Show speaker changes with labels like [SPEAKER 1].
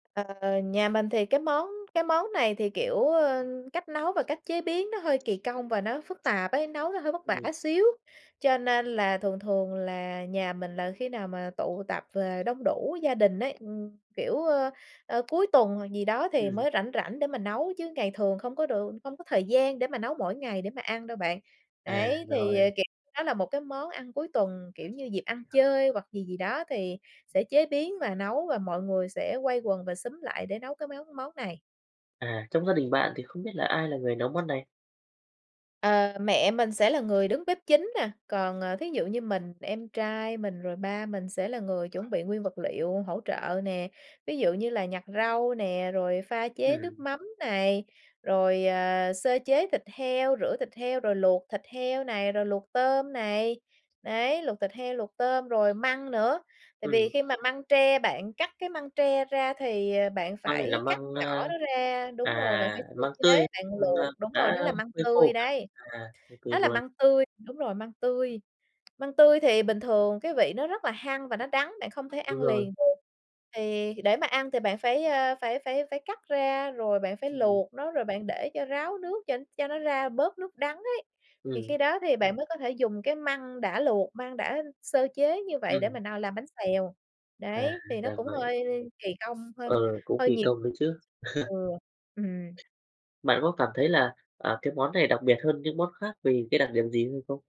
[SPEAKER 1] Ờ, nhà mình thì cái món cái món này thì, kiểu, ờ, cách nấu và cách chế biến nó hơi kỳ công và nó phức tạp ấy, nấu nó hơi vất vả
[SPEAKER 2] Ừm.
[SPEAKER 1] xíu, cho nên là thường thường là nhà mình là khi nào mà tụ tập về đông đủ gia đình ấy, ừm, kiểu, ờ, ờ, cuối tuần gì đó thì
[SPEAKER 2] Ừm.
[SPEAKER 1] mới rảnh rảnh để mà nấu, chứ ngày thường không có được không có thời gian để mà nấu mỗi ngày để mà ăn đâu bạn.
[SPEAKER 2] À,
[SPEAKER 1] Đấy, thì, ờ,
[SPEAKER 2] rồi.
[SPEAKER 1] kiểu, nó là một cái món ăn cuối tuần, kiểu như, dịp ăn chơi hoặc gì gì đó thì sẽ chế biến và nấu và mọi người sẽ quây quần và xúm lại để nấu cái máu món này.
[SPEAKER 2] À, trong gia đình bạn thì không biết là ai là người nấu món này?
[SPEAKER 1] Ờ, mẹ mình sẽ là người đứng bếp chính nè, còn, ờ, thí dụ như mình, em trai mình, rồi ba mình sẽ là người chuẩn bị nguyên vật liệu hỗ trợ nè. Ví dụ như là nhặt rau nè, rồi pha chế nước
[SPEAKER 2] Ừm.
[SPEAKER 1] mắm này, rồi, ờ, sơ chế thịt heo, rửa thịt heo rồi luộc thịt heo này, rồi luộc tôm này. Đấy, luộc thịt heo, luộc tôm rồi măng nữa. Tại vì
[SPEAKER 2] Ừm.
[SPEAKER 1] khi mà măng tre bạn cắt cái măng tre ra thì bạn
[SPEAKER 2] Măng này là
[SPEAKER 1] phải cắt
[SPEAKER 2] măng,
[SPEAKER 1] nhỏ
[SPEAKER 2] a
[SPEAKER 1] nó ra đúng rồi, bạn
[SPEAKER 2] à,
[SPEAKER 1] phải sơ
[SPEAKER 2] măng
[SPEAKER 1] chế,
[SPEAKER 2] tươi,
[SPEAKER 1] bạn
[SPEAKER 2] măng, a,
[SPEAKER 1] luộc đúng rồi,
[SPEAKER 2] đã
[SPEAKER 1] nó là măng
[SPEAKER 2] phơi khô
[SPEAKER 1] tươi
[SPEAKER 2] hả bạn?
[SPEAKER 1] đấy.
[SPEAKER 2] À, OK
[SPEAKER 1] Đó là
[SPEAKER 2] luôn
[SPEAKER 1] măng tươi đúng rồi, măng tươi. Măng tươi thì bình thường cái vị nó rất là hăng và nó đắng, bạn không thể
[SPEAKER 2] Đúng
[SPEAKER 1] ăn
[SPEAKER 2] rồi.
[SPEAKER 1] liền được. Thì để mà ăn thì bạn phải, ờ, phải phải phải cắt ra, rồi bạn phải
[SPEAKER 2] Ừm.
[SPEAKER 1] luộc nó, rồi bạn để cho ráo nước cho cho nó ra bớt nước đắng ấy. Thì
[SPEAKER 2] Ừm.
[SPEAKER 1] khi đó thì bạn mới có thể dùng cái măng đã luộc, măng đã sơ chế như vậy để
[SPEAKER 2] Ừm.
[SPEAKER 1] mà n làm bánh xèo.
[SPEAKER 2] À,
[SPEAKER 1] Đấy, thì nó
[SPEAKER 2] ra
[SPEAKER 1] cũng
[SPEAKER 2] vậy.
[SPEAKER 1] hơi kỳ công, hơi
[SPEAKER 2] Ừ, cũng
[SPEAKER 1] hơi
[SPEAKER 2] kỳ
[SPEAKER 1] nhiều
[SPEAKER 2] công nữa chứ.
[SPEAKER 1] ừ, ừm.
[SPEAKER 2] Bạn có cảm thấy là, à, cái món này đặc biệt hơn những món khác vì cái đặc điểm gì hay không?